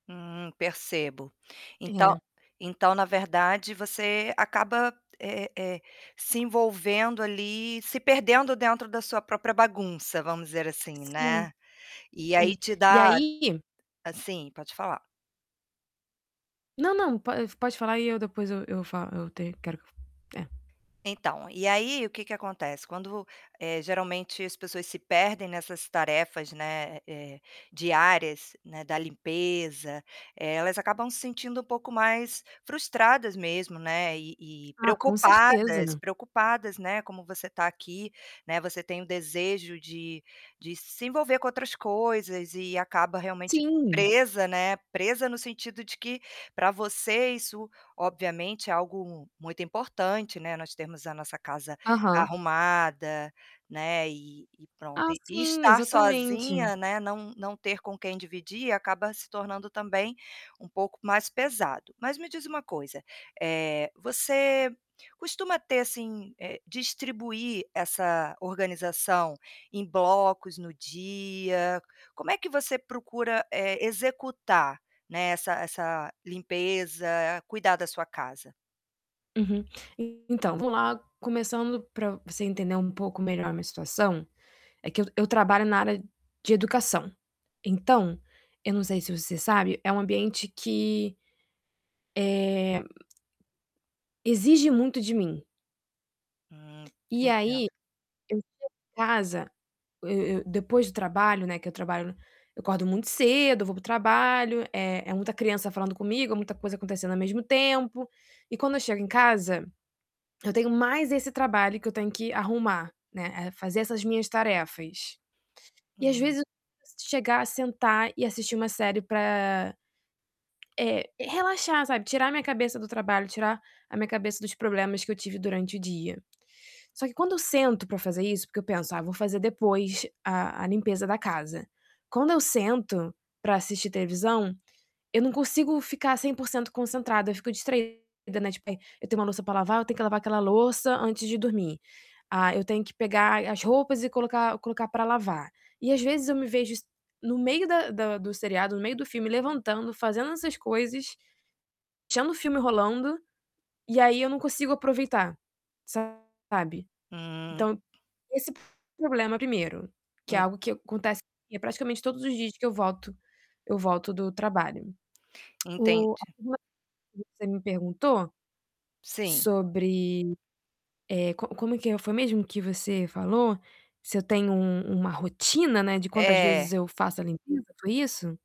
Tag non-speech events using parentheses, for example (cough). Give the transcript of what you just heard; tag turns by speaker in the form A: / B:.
A: Hum, percebo. Então
B: É.
A: então na verdade você acaba, é é é, se envolvendo ali, se perdendo dentro da sua própria bagunça, vamos dizer assim,
B: Sim.
A: né. E aí
B: Hum,
A: te
B: e
A: dá
B: aí
A: assim, pode falar.
B: Não, não, po pode falar e eu depois eu eu falo eu ter quero que eu é.
A: Então, e aí o que que acontece, quando vu eh, geralmente as pessoas se perdem nessas tarefas, né, eh, diárias, né, da limpeza, elas acabam se sentindo um pouco mais frustradas mesmo, né, e e
B: Ah, com certeza,
A: preocupadas,
B: né.
A: preocupadas, né, como você tá aqui, né, você tem o desejo de de se envolver com outras coisas e acaba realmente
B: Sim.
A: presa, né, presa no sentido de que pra você isso, obviamente, é algo muito importante, né, nós termos a nossa casa
B: Aham.
A: arrumada, né, e e pronto.
B: Ah,
A: E
B: sim,
A: estar
B: exatamente.
A: sozinha, né, não não ter com quem dividir acaba se tornando também um pouco mais pesado. Mas me diz uma coisa, eh, você costuma ter assim, eh, distribuir essa organização em blocos no dia, como é que você procura, eh, executar, né, essa essa limpeza, cuidar da sua casa?
B: Uhum. Então, vamos lá começando pra você entender um pouco melhor a minha situação, é que eu eu trabalho na área de educação. Então, eu não sei se você sabe, é um ambiente que eh exige muito de mim.
A: Hum,
B: E aí,
A: entendo.
B: eu chego em casa eu eu depois do trabalho, né, que eu trabalho eu acordo muito cedo, vou para o trabalho, é é muita criança falando comigo, é muita coisa acontecendo ao mesmo tempo, e quando eu chego em casa, eu tenho mais esse trabalho que eu tenho que arrumar, né, eh, fazer essas minhas tarefas. E às
A: Hum.
B: vezes (unintelligible) chegar, sentar e assistir uma série pra eh, relaxar sabe tirar a minha cabeça do trabalho tirar a minha cabeça dos problemas que eu tive durante o dia. Só que quando eu sento pra fazer isso, porque eu penso ah vou fazer depois a a limpeza da casa, quando eu sento pra assistir televisão, eu não consigo ficar 100% concentrada eu fico, né, eu fico distraída, né, tipo, eh: "Eu tenho uma louça pra lavar, eu tenho que lavar aquela louça antes de dormir". "Ah, eu tenho que pegar as roupas e colocar colocar para lavar". E às vezes eu me vejo es no meio da da do seriado, no meio do filme levantando, fazendo essas coisas, deixando o filme rolando, e aí eu não consigo aproveitar, sabe.
A: Hum.
B: Então, esse problema primeiro, que é
A: En
B: algo que eu acontece comigo praticamente todos os dias que eu volto eu volto do trabalho. (clicks tongue) O
A: Entendi.
B: (unintelligible) que você me perguntou,
A: Sim.
B: sobre, eh, como como que foi mesmo que você falou? Se eu tenho um uma rotina, né, de quantas vezes
A: É.
B: eu faço a limpeza, foi isso?